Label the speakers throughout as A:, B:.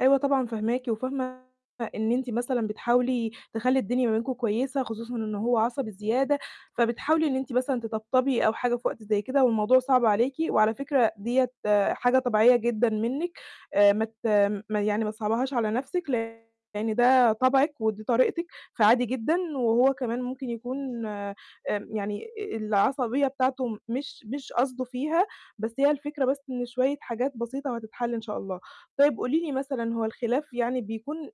A: أيوه طبعًا فاهماكِ، وفاهمة إن أنتِ مثلًا بتحاولي تخلّي الدنيا ما بينكم كويسة خصوصًا إن هو عصبي زيادة، فبتحاولي إن أنتِ مثلًا تطبطبي أو حاجة في وقت زي كده والموضوع صعب عليكِ، وعلى فكرة ديّة حاجة طبيعية جدًا منِّك آآ ما ت يعني ما تصعبيهاش على نفْسِك لإن ده طبعِك ودي طريقتِك فعادي جدًا، وهو كمان ممكن يكون آمم يعني العصبية بتاعته مش مش قصده فيها، بس هي الفكرة بس إن شوية حاجات بسيطة وهتتحل إن شاء الله. طيب قولي لي مثلًا هو الخلاف يعني بيكون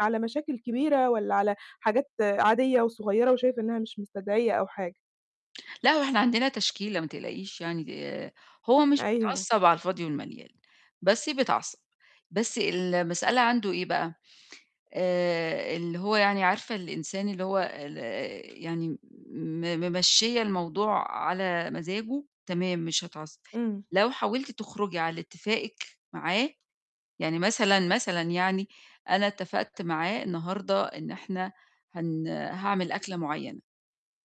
A: على مشاكل كبيرة والّا على حاجات عادية وصغيّرة وشايفة إنّها مش مستدعية أو حاجة؟
B: لأ، هو إحنا عندنا تشكيلة ما تقلقيش يعني آآ، هو مش
A: أيوه.
B: بيتعصّب على الفاضي والمليان بس بيتعصّب، بس المسألة عنده إيه بقى، آآ اللي هو يعني عارفة الإنسان اللي هو ال يعني م ممشّية الموضوع على مزاجه، تمام مش هيتعصّب،
A: إمم.
B: لو حاولتِ تخرجي على اتفاقِك معاه يعني مثلًا، مثلًا يعني أنا اتفقت معاه النهارده إن إحنا هن هاعمل أكلة معيّنة،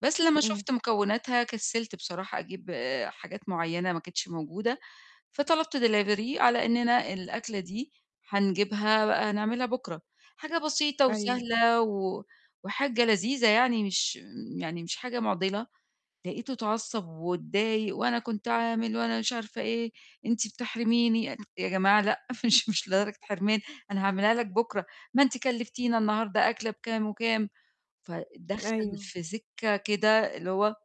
B: بس لمّا
A: إمم.
B: شُفت مكوناتها كسّلت بصراحة أجيب حاجات معيّنة ما كانتش موجودة، فطلبت delivery على إنّنا الأكلة دي هنجيبها بقى نعملها بُكرة، حاجة بسيطة
A: أيوه.
B: وسهلة و وحاجة لذيذة يعني مش يعني مش حاجة مُعضلة، لقيته اتعصّب واتضايق وأنا كنت عامل وأنا مش عارفة إيه، أنتِ بتحرميني، يا جماعة لأ، مش مش لدرجة حرمان، أنا هاعملها لك بُكرة، ما أنتِ كلّفتينا النهارده أكلة بكام وكام، فدَخَل
A: أيوه.
B: في سكّة كده اللي هو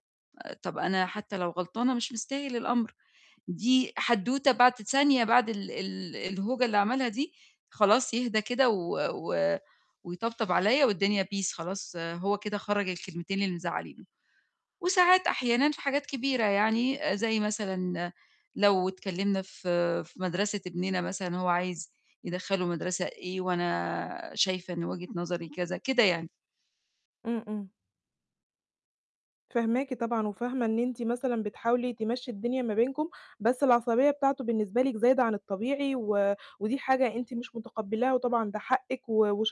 B: طَب أنا حتّى لو غلطانة مش مستاهل الأمر، دي حدوتة بعد ثانية بعد ال ال الهوجة اللي عملها دي خلاص يهدى كده و و ويطبطب عليَّ والدنيا peace خلاص، هو كده خرَّج الكلمتين اللي مزعّلينه، وساعات أحيانًا في حاجات كبيرة يعني زي مثلًا لو اتكلّمنا في في مَدرسة ابننا مثلًا هو عايز يدخَّله مَدرسة إيه وأنا شايفة إن وجهة نظري كذا، كده يعني.
A: إمم، إمم. فاهماكِ طبعًا وفاهمة إن أنتِ مثلًا بتحاولي تمشّي الدنيا ما بينكم، بس العصبية بتاعته بالنسبة لِك زايدة عن الطبيعي و ودي حاجة أنتِ مش متقبلاها وطبعًا ده حقِك و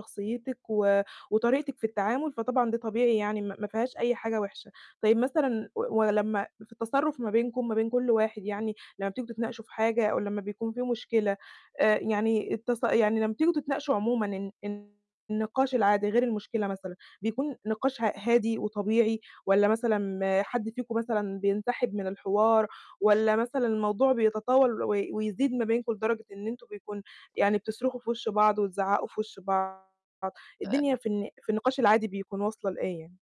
A: وشخصيّتِك و وطريقتِك في التعامل، فطبعًا ده طبيعي يعني ما ما فيهاش أي حاجة وحشة. طيب مثلًا و ولمّا في التصرف ما بينكم ما بين كلّ واحد يعني لمّا بتيجوا تتناقشوا في حاجة أو لمّا بيكون في مشكلة، آآ يعني التص يعني لمّا بتيجوا تتناقشوا عمومًا الن النقاش العادي غير المشكلة مثلًا، بيكون نقاش ه هادي وطبيعي؟ والّا مثلًا حد فيكم مثلًا بينسحب من الحوار؟ والّا مثلًا الموضوع بيتطاول وي ويزيد ما بينكم لدرجة إن أنتم بيكون يعني بتصرخوا في وش بعض وتزعّقوا في وش بعض؟ الدنيا في الن في النقاش العادي بيكون واصلة لإيه يعني؟